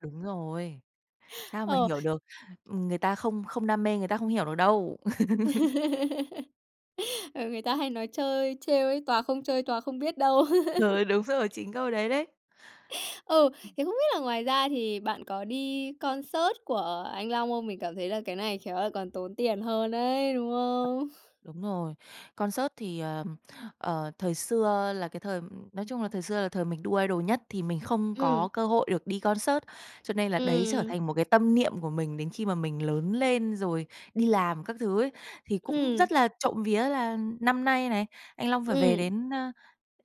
Đúng rồi! Sao mà Ờ. hiểu được! Ừm, người ta không không đam mê, người ta không hiểu được đâu. Ừ, người ta hay nói chơi trêu ấy: "Tòa không chơi, tòa không biết đâu!" Trời, đúng rồi, chính câu đấy đấy! Ừ, thì không biết là ngoài ra thì bạn có đi concert của anh Long không? Mình cảm thấy là cái này khéo lại còn tốn tiền hơn ấy, đúng không? Đúng rồi. Concert thì, ờm, ờ, thời xưa là cái thời nói chung là thời xưa là thời mình đu idol nhất thì mình không Ừm. có cơ hội được đi concert, cho nên là đấy trở Ừm. thành một cái tâm niệm của mình đến khi mà mình lớn lên rồi đi làm các thứ ấy. Thì cũng Ừm. rất là trộm vía là năm nay này, anh Long phải về Ừm. đến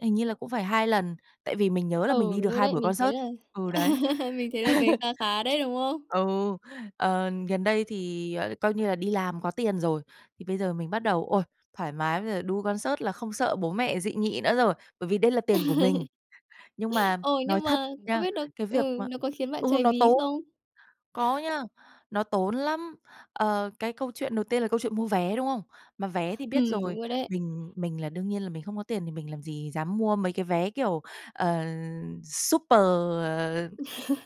hình như là cũng phải 2 lần, tại vì mình nhớ là mình Ừ, đi được đúng rồi 2 đấy, buổi mình thấy concert là ừ, đấy. mình thấy là về kha khá đấy, đúng không? Ừ, ờ, gần đây thì, ờ, coi như là đi làm có tiền rồi thì bây giờ mình bắt đầu, ôi, thoải mái! Bây giờ đu concert là không sợ bố mẹ dị nghị nữa rồi, bởi vì đây là tiền của mình. Nhưng mà Ồ, nói nhưng thật mà không nha, biết nó cái việc ừ, mà nó có khiến bạn ừ, cháy nó ví tốn! không? Có nha, nó tốn lắm! Ờ, cái câu chuyện đầu tiên là câu chuyện mua vé, đúng không? Mà vé thì biết Ừm, rồi, đúng rồi đấy. mình mình là đương nhiên là mình không có tiền thì mình làm gì dám mua mấy cái vé, kiểu, ờ, super, ờ,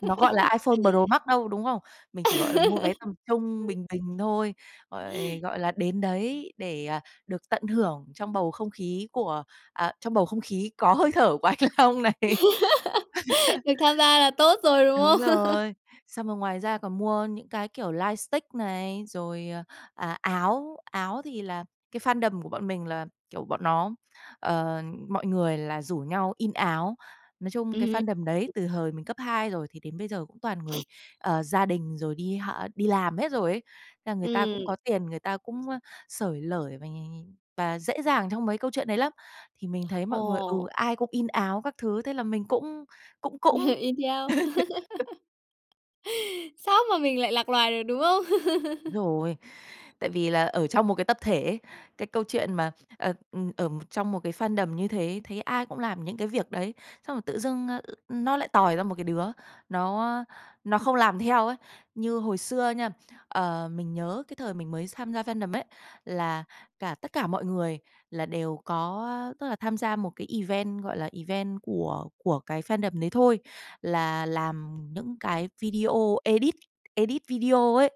nó gọi là iPhone Pro Max đâu, đúng không? Mình chỉ gọi là mua vé tầm trung, bình bình thôi! Rồi, gọi là, đến đấy để được tận hưởng trong bầu không khí của à, trong bầu không khí có hơi thở của anh Long này Được tham gia là tốt rồi, đúng Đúng không? rồi. Xong rồi ngoài ra còn mua những cái, kiểu, light stick này, rồi, à, áo. Áo thì là cái fandom của bọn mình là, kiểu, bọn nó ờ, mọi người là rủ nhau in áo. Nói chung cái Ừm. fandom đấy [unintelligible] từ hời mình cấp hai rồi thì đến bây giờ cũng toàn người, ờ, gia đình rồi đi hả đi làm hết rồi ấy, thế là người ta Ừm. cũng có tiền, người ta cũng xởi lởi này, và dễ dàng trong mấy câu chuyện đấy lắm! Thì mình thấy mọi người ừ, Ồ. ai cũng in áo các thứ, thế là mình cũng cũng cũng! In theo. Sao mà mình lại lạc loài được, đúng không? Đúng rồi, tại vì là ở trong một cái tập thể ấy, cái câu chuyện mà, ờ, ừm, ở trong một cái fandom như thế, thấy ai cũng làm những cái việc đấy, xong rồi tự dưng nó lại tòi ra một cái đứa nó nó không làm theo ấy. Như hồi xưa nha, ờ, mình nhớ cái thời mình mới tham gia fandom ấy, là cả tất cả mọi người là đều có, tức là, tham gia một cái event, gọi là, event của của cái fandom đấy thôi. Là làm những cái video, edit edit video ấy.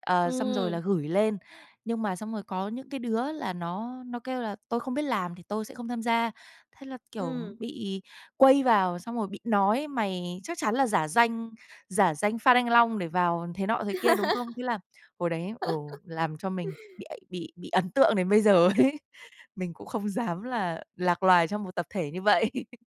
Ờ, xong rồi là Ừm. gửi lên. Nhưng mà xong rồi có những cái đứa là nó nó kêu là: "Tôi không biết làm thì tôi sẽ không tham gia." Thế là, kiểu, Ừm. bị quây vào, xong rồi bị nói: "Mày chắc chắn là giả danh, giả danh fan anh Long để vào thế nọ, thế kia, đúng không?" Thế là hồi đấy, ừ, làm cho mình bị ấ bị bị ấn tượng đến bây giờ ấy! Mình cũng không dám là lạc loài trong một tập thể như vậy!